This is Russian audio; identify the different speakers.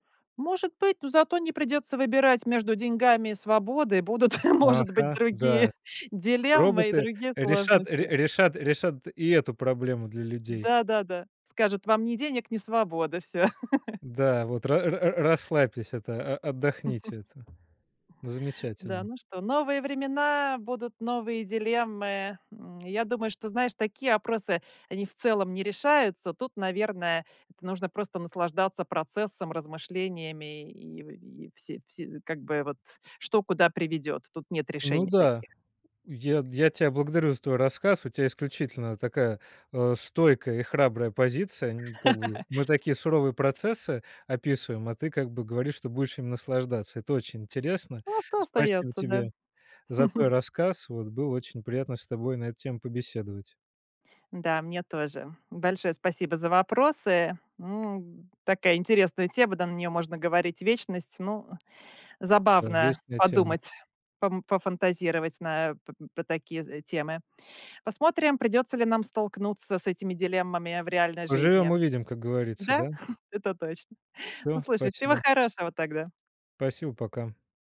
Speaker 1: Может быть, но зато не придется выбирать между деньгами и свободой. Будут, может быть,
Speaker 2: Ага,
Speaker 1: другие
Speaker 2: да,
Speaker 1: дилеммы и
Speaker 2: роботы
Speaker 1: другие
Speaker 2: решат ре
Speaker 1: сложности.
Speaker 2: решат решат и эту проблему для людей.
Speaker 1: Да, да, да, скажут: "Вам ни денег, ни свободы. Всё".
Speaker 2: Да, вот ра р р расслабьтесь это, о отдохните это. Ну,
Speaker 1: Да,
Speaker 2: замечательно.
Speaker 1: ну что? Новые времена, будут новые дилеммы. М, я думаю, что, знаешь, такие опросы, они в целом не решаются. Тут, наверное, это нужно просто наслаждаться процессом, размышлениями и в все все как бы вот, что куда приведет. Тут нет
Speaker 2: Ну
Speaker 1: решений
Speaker 2: да,
Speaker 1: таких.
Speaker 2: я т я тя благодарю за твой рассказ. У тя исключительно такая, э, стойкая и храбрая позиция. Н как бы мы такие суровые процессы описываем, а ты как бы говоришь, что будешь ими наслаждаться. Это очень интересно.
Speaker 1: Ну а что
Speaker 2: Спасибо
Speaker 1: остается, да?
Speaker 2: тебе за твой рассказ. Вот. Было очень приятно с тобой на эту тему побеседовать.
Speaker 1: Да, мне тоже. Большое спасибо за вопросы. М, такая интересная тема, да, на нее можно говорить вечность. Ну,
Speaker 2: На
Speaker 1: забавно
Speaker 2: вечные темы.
Speaker 1: подумать, пом пофантазировать на п по такие, э, темы. Посмотрим, придётся ли нам столкнуться с этими дилеммами в реальной жизни.
Speaker 2: Поживем- увидим, как говорится,
Speaker 1: Да,
Speaker 2: да?
Speaker 1: это точно Ну,
Speaker 2: Всё,
Speaker 1: слушай, всего
Speaker 2: спасибо.
Speaker 1: хорошего тогда.
Speaker 2: Спасибо, пока.